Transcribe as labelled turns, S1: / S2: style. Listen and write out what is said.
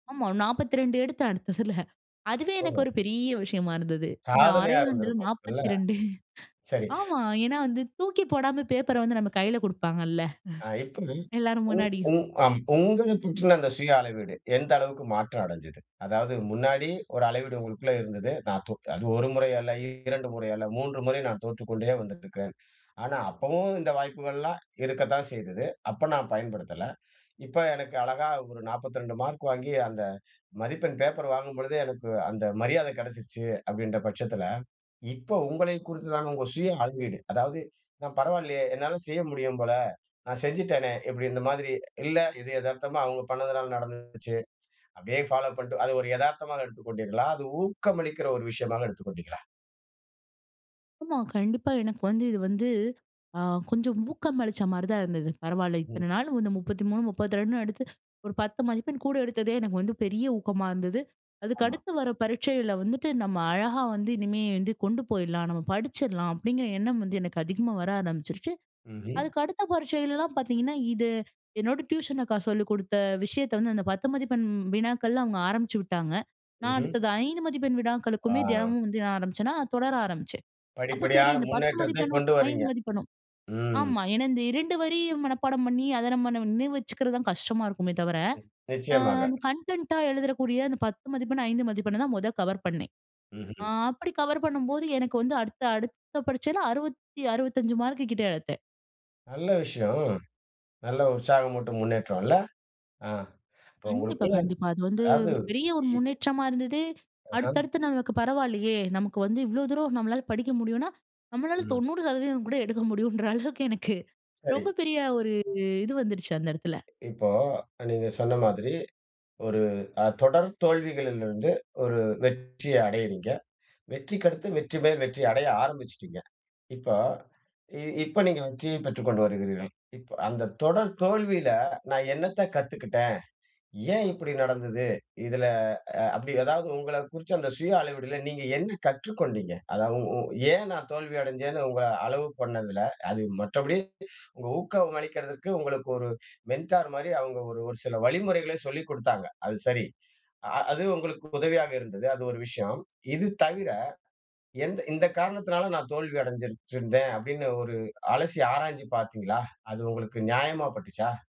S1: ஆமா, 42 எடுத்தேன் அடுத்ததில. அதுவே எனக்கு
S2: ஆமா.
S1: ஒரு பெரிய விஷயமா இருந்தது. அந்த
S2: சாதனையா
S1: அரையாண்டில
S2: இருந்திருக்கும் இல்ல?
S1: 42
S2: சரி.
S1: ஆமா, ஏன்னா வந்து தூக்கி போடாம பேப்பர வந்து நம்ம கையில கொடுப்பாங்கள்ல.
S2: ஆ, [unintelligible]
S1: எல்லாரு
S2: உ உ
S1: முன்னாடியும்.
S2: அம். [unintelligible] உங்கள [unintelligible] அந்த சுய அளவீடு எந்த அளவிற்கு மாற்றம் அடைச்சது? அதாவது முன்னாடி ஒரு அளவீடு உங்களுக்குள்ள இருந்தது. [unintelligible] அது 1 முறை அல்ல, 2 முறை அல்ல, மூன்று முறை நான் தோற்றுக்கொண்டே வந்திட்டிருக்கேன். ஆனா அப்பவும் இந்த வாய்ப்புகள்லாம் இருக்கத்தான் செய்தது. அப்ப நான் பயன்படுத்தல. இப்ப எனக்கு அழகா ஒரு 42 மார்க் வாங்கி, அந்த மதிப்பெண் பேப்பர் வாங்கும் பொழுதே, எனக்கு அந்த மரியாதை கிடைச்சிடுச்சு அப்படின்ற பட்சத்தில, இப்போ உங்களை குறித்ததான உங்க சுய அளவீடு, அதாவது நான் பரவாயில்லையே என்னால செய்ய முடியும் போல, நான் செஞ்சுட்டேனே! இப்படி இந்த மாதிரி, இல்ல இது எதார்த்தமா அவங்க பண்ணதனால நடந்துச்சு. அப்படியே ஃபாலோ பண்ணிட்டு, அது ஒரு எதார்த்தமாக எடுத்துக் கொண்டீர்களா? அது ஊக்கமளிக்கிற ஒரு விஷயமாக எடுத்துக் கொண்டீங்களா?
S1: ஆமா. கண்டிப்பா. எனக்கு வந்து இது வந்து, ஆ கொஞ்சம் ஊக்கம் அளிச்ச மாரி தான் இருந்தது. பரவால்ல
S2: ம்.
S1: இத்தனை நாள் வந்து 33, 32னு எடுத்து, ஒரு 10 மதிப்பெண் கூட எடுத்ததே எனக்கு வந்து பெரிய ஊக்கமா இருந்தது. அதுக்கு
S2: ஆமா.
S1: அடுத்து வர பரீட்சையில வந்துட்டு, நம்ம அழகா வந்து இனிமே வந்து கொண்டு போயிடலாம், நம்ம படிச்சிடலாம் அப்படிங்கிற எண்ணம் வந்து எனக்கு அதிகமா வர ஆரம்பிச்சுருச்சு.
S2: ம்ஹ்ம்.
S1: அதுக்கு அடுத்த பரீட்சைலலாம் பார்த்தீங்கனா, இது என்னோட டியூஷன் அக்கா சொல்லிக் கொடுத்த விஷயத்தை வந்து, அந்த 10 மதிப்பெண் வினாக்கள்லாம் அவங்க ஆரம்பிச்சு விட்டாங்க. நான்
S2: ம்ஹ்ம்.
S1: அடுத்தது 5 மதிப்பெண் வினாக்களுக்குமே
S2: ஆ.
S1: தினமும் வந்து நான் ஆரம்பிச்சேனா, தொடர ஆரம்பிச்சேன். அப்போ சரி
S2: படிப்படியான
S1: இந்த 10
S2: முன்னேற்றத்தை
S1: மதிப்பெண்ணும், 5
S2: கொண்டுவரீங்க.
S1: மதிப்பெண்ணும்,
S2: ம்.
S1: ஆமா ஏன்னா இந்த 2 வரி மனப்பாடம் பண்ணி அத நம்ம நினைவு வச்சுக்கிறது தான் கஷ்டமா இருக்குமே தவிர, ஆ
S2: நிச்சயமாக.
S1: கன்டென்ட்டா எழுதறக்கூடிய அந்த 10 மதிப்பெண்ணு, 5 மதிப்பெண்ண தான் மொத கவர் பண்ணேன். ஆ
S2: ம்ஹ்ம்.
S1: அப்படி கவர் பண்ணும்போது, எனக்கு வந்து அடுத்த அடுத்த பரீட்சையில அறுவத்தி 65 மார்க்கு கிட்ட எடுத்தேன்.
S2: நல்ல விஷயம். நல்ல உற்சாகமூட்டும் முன்னேற்றம் இல்ல? ஆ. இப்போ
S1: கண்டிப்பா,
S2: உங்களுக்குள்ள
S1: கண்டிப்பா. அது வந்து
S2: அதாவது
S1: ஒரு பெரிய ஒரு
S2: [unintelligible]
S1: முன்னேற்றமா இருந்தது,
S2: அஹம்.
S1: அடுத்தடுத்து நமக்கு பரவாயில்லையே, நமக்கு வந்து இவ்வளோ தூரம் நம்மளால படிக்க முடியும்னா, நம்மளால
S2: ம்.
S1: 90% கூட எடுக்க முடியும்ன்ற அளவுக்கு எனக்கு ரொம்ப
S2: சரி.
S1: பெரிய ஒரு இது வந்துருச்சு அந்த இடத்துல.
S2: இப்போ அ நீங்க சொன்ன மாதிரி, ஒரு ஆ தொடர் தோல்விகளிலிருந்து ஒரு வெற்றிய அடையிறீங்க. வெற்றிக்கு அடுத்து வெற்றிமேல் வெற்றி அடைய ஆரம்பிச்சுட்டீங்க. இப்ப, இப்ப நீங்க வெற்றியை பெற்றுக்கொண்டு வருகிறீர்கள். அந்த தொடர் தோல்வியில நான் என்னத்தை கத்துக்கிட்டேன்? ஏன் இப்படி நடந்தது? இதுல அ அப்படி ஏதாவது உங்கள குறிச்சு அந்த சுய அளவீடுல நீங்க என்ன கற்றுக்கொண்டீங்க. அதாவது உ ஏன் நான் தோல்வி அடைஞ்சேன்னு உங்கள அளவு பண்ணதுல, அது மற்றபடி உங்க ஊக்கம் அளிக்கதற்கு உங்களுக்கு ஒரு மெண்டார் மாரி அவங்க ஒரு சில வழிமுறைகளை சொல்லிக் குடுத்தாங்க. அது சரி. அ அது உங்களுக்கு உதவியாக இருந்தது. அது ஒரு விஷயம். இது தவிர, எந்த இந்த காரணத்தினால நான் தோல்வி அடைஞ்சிருச்சுருந்தேன். அப்படின்னு ஒரு அலசி ஆராய்ஞ்சு பார்த்தீங்களா? அது உங்களுக்கு நியாயமா பட்டுச்சா?